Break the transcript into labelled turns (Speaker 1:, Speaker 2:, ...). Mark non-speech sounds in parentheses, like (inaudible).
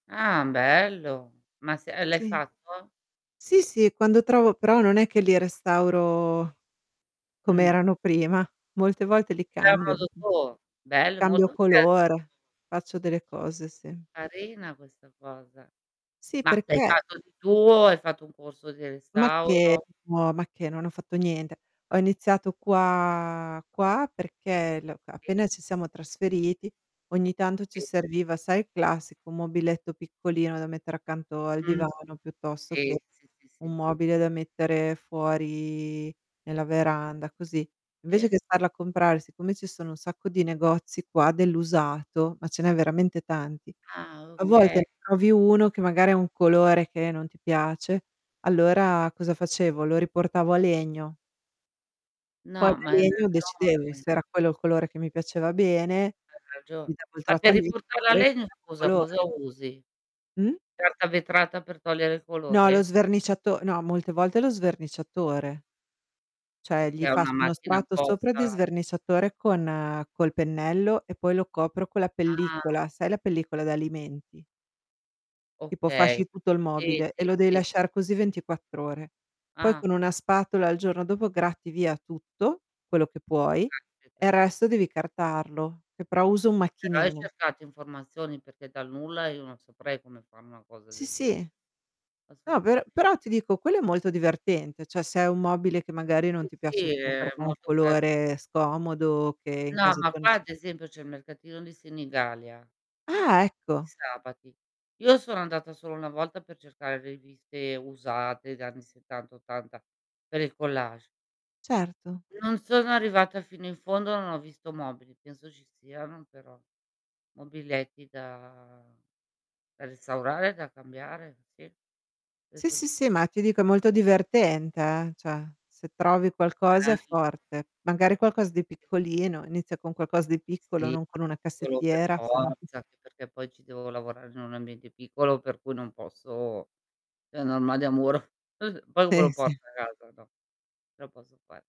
Speaker 1: Ah, bello! Ma se uhm, l'hai
Speaker 2: Sì.
Speaker 1: fatto?
Speaker 2: Sì, sì, quando trovo però non è che li restauro
Speaker 1: Mh.
Speaker 2: com'erano prima. Molte volte li
Speaker 1: Fai a
Speaker 2: cambio,
Speaker 1: modo tuo? Bello
Speaker 2: cambio
Speaker 1: molto creativo.
Speaker 2: colore, faccio delle cose, sì.
Speaker 1: Carina questa cosa.
Speaker 2: Sì,
Speaker 1: Ma l'hai
Speaker 2: perché?
Speaker 1: fatto di tuo? Hai fatto un corso di
Speaker 2: Macché,
Speaker 1: restauro?
Speaker 2: no, ma che, non ho fatto niente. Ho
Speaker 1: Ah.
Speaker 2: iniziato qua qua perché l c
Speaker 1: Sì.
Speaker 2: appena ci siamo trasferiti ogni tanto ci
Speaker 1: I
Speaker 2: serviva, sai, il classico mobiletto piccolino da mettere accanto al
Speaker 1: Mh.
Speaker 2: divano piuttosto che
Speaker 1: Sì, sì, sì, sì.
Speaker 2: un mobile da mettere fuori nella veranda, così. Invece
Speaker 1: I
Speaker 2: che andarlo a comprare, siccome ci sono un sacco di negozi qua dell'usato, ma ce n'è veramente tanti.
Speaker 1: Ah,
Speaker 2: A
Speaker 1: oka
Speaker 2: volte trovi uno che magari ha un colore che non ti piace, allora cosa facevo? Lo riportavo a legno. Poi
Speaker 1: No,
Speaker 2: da
Speaker 1: ma hai
Speaker 2: legno
Speaker 1: ragione.
Speaker 2: decidevo se era quello il colore che mi piaceva bene,
Speaker 1: Hai ragio
Speaker 2: gli davo il
Speaker 1: Ma per
Speaker 2: trattamento
Speaker 1: riportar la legna,
Speaker 2: (unintelligible)
Speaker 1: scusa, cosa
Speaker 2: colore.
Speaker 1: usi?
Speaker 2: Mh.
Speaker 1: Carta vetrata per togliere il
Speaker 2: No lo
Speaker 1: colore?
Speaker 2: sverniciato no, molte volte lo
Speaker 1: (unintelligible)
Speaker 2: sverniciatore.
Speaker 1: È
Speaker 2: Cioè,
Speaker 1: che
Speaker 2: gli
Speaker 1: ha
Speaker 2: faccio uno
Speaker 1: macchina
Speaker 2: strato sopra di
Speaker 1: apposta
Speaker 2: sverniciatore con col pennello e poi lo copro con la
Speaker 1: Ah!
Speaker 2: pellicola, sai la pellicola d'alimenti? Tipo
Speaker 1: Okay.
Speaker 2: fasci tutto il
Speaker 1: Sì,
Speaker 2: mobile e
Speaker 1: sì,
Speaker 2: lo devi
Speaker 1: sì.
Speaker 2: lasciar così
Speaker 1: Sì.
Speaker 2: 24 ore. Poi
Speaker 1: Ah.
Speaker 2: con una spatola il giorno dopo gratti via tutto, quello che
Speaker 1: Oh,
Speaker 2: puoi, e
Speaker 1: caspita.
Speaker 2: il resto devi carteggiarlo, che però uso un
Speaker 1: Eh, però
Speaker 2: macchinino.
Speaker 1: c'è scarsa informazione, perché dal nulla io non saprei fare una cosa
Speaker 2: Sì,
Speaker 1: del genere.
Speaker 2: sì. No per
Speaker 1: Assolutamente.
Speaker 2: però ti dico, quello è molto divertente, cioè, se hai un mobile che magari non
Speaker 1: Sì,
Speaker 2: ti piace
Speaker 1: sì,
Speaker 2: più
Speaker 1: è
Speaker 2: perché ha un
Speaker 1: molto creativo.
Speaker 2: colore scomodo che in
Speaker 1: No,
Speaker 2: casa
Speaker 1: ma
Speaker 2: tua non
Speaker 1: qua
Speaker 2: ci
Speaker 1: ad esempio c'è il mercatino di Senigallia.
Speaker 2: Ah,
Speaker 1: Di
Speaker 2: ecco!
Speaker 1: sabati. Io sono andata solo una volta per cercare riviste usate da anni '70, '80 per il collage.
Speaker 2: Certo.
Speaker 1: Non sono arrivata fino in fondo, non ho visto mobili, penso ci siano però mobiletti da da restaurare, e da cambiare. Sì.
Speaker 2: Sì,
Speaker 1: Penso di
Speaker 2: sì, sì,
Speaker 1: sì.
Speaker 2: ma ti dico è molto divertente, eh. Cioè, se trovi qualcosa è
Speaker 1: (unintelligible)
Speaker 2: forte. Magari qualcosa di
Speaker 1: (unintelligible)
Speaker 2: piccolino, inizia con qualcosa di piccolo,
Speaker 1: Sì,
Speaker 2: non con una
Speaker 1: quello per
Speaker 2: cassettiera, se no (chuckles)
Speaker 1: forza. Perché poi ci devo lavorare in un ambiente piccolo per cui non posso è un armadio a muro. (chuckles) Poi poi come
Speaker 2: Sì,
Speaker 1: lo
Speaker 2: sì.
Speaker 1: porto a casa. No. Non lo posso fare.